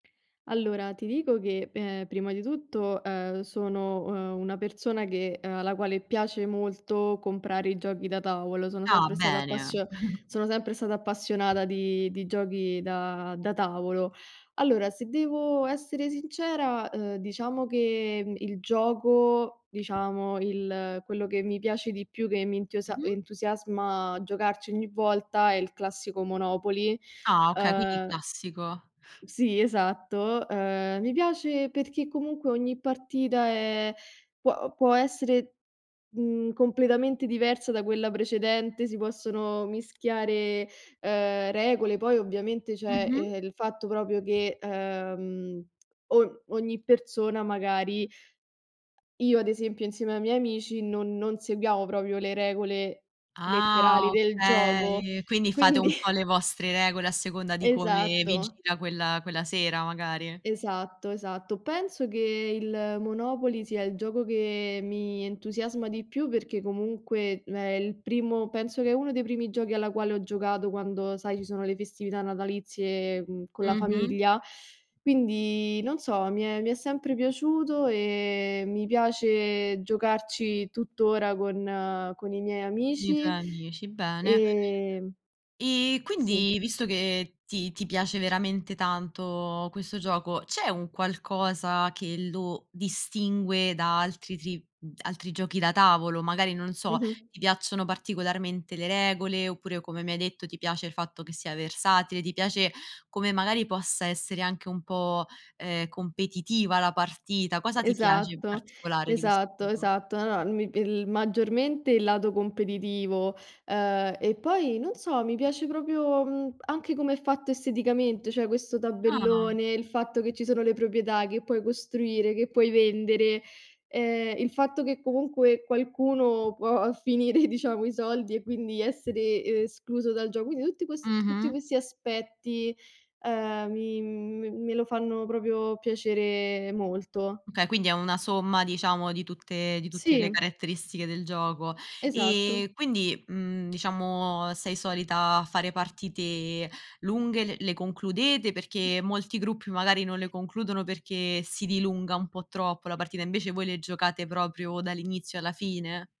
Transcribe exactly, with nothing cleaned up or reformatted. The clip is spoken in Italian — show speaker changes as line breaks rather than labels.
Allora ti dico che, ehm, prima di tutto, ehm, sono, ehm, una persona che ehm, alla quale piace molto comprare i giochi da tavolo, sono
Ah
sempre stata
bene.
appassio sono sempre stata appassionata di di giochi da da tavolo. Allora, se devo essere sincera, uhm, diciamo che il gioco, diciamo, il quello che mi piace di più, che mi entiosa
Mh-mh.
entusiasma giocarci ogni volta è il classico Monopoly.
Ah okay, quindi
Uhm
classico.
Sì, esatto. Ehm, mi piace perché comunque ogni partita è può può essere, mhmm, completamente diversa da quella precedente, si possono mischiare ehm regole, poi ovviamente, ceh
Mh-mh.
ehm, il fatto proprio che ehm o ogni persona magari Io ad esempio insieme ai miei amici non non seguiamo proprio le regole
Ah
letterali del gioco,
okay, quindi fate
quindi
un po' le vostre regole a seconda di come vi
Esatto.
gira quella quella sera magari.
Esatto, esatto. Penso che il Monopoly sia il gioco che mi entusiasma di più perché comunque è il primo penso che è uno dei primi giochi alla quale ho giocato quando sai ci sono le festività natalizie con la
Mh-mh.
famiglia, quindi non so, mi è mi è sempre piaciuto e mi piace giocarci tuttora con con i miei
Con i tuoi
amici.
amici, bene.
Ehm
E
Sì.
quindi visto che ti ti piace veramente tanto questo gioco, c'è un qualcosa che lo distingue da altri tri altri giochi da tavolo? Magari non so,
Mh-mh.
ti piacciono particolarmente le regole oppure, come mi hai detto, ti piace il fatto che sia versatile, ti piace come magari possa essere anche un po', ehm, competitiva la partita? Cosa ti piace in
Esatto,
particolare di questo
esatto,
gioco?
esatto. No mi il maggiormente il lato competitivo, ehm, e poi, non so, mi piace proprio, mhmm, anche come è fatto esteticamente. ceh, questo
Ah!
tabellone, il fatto che ci sono le proprietà, che puoi costruire, che puoi vendere, ehm, il fatto che comunque qualcuno può finire, diciamo, i soldi e quindi essere escluso dal gioco. Quindi tutti quest tutti
Mh-mh.
questi aspetti, ehm, mi me me lo fanno proprio piacere molto.
Okay, quindi è una somma diciamo di tutte di tutte le
Sì.
caretteristiche del gioco.
Esatto.
E quindi, mhmm, diciamo sei solita fare partite lunghe, l le concludete perché molti gruppi magari non le concludono perché si dilunga un po' troppo la partita, invece voi le giocate proprio dall'inizio alla fine?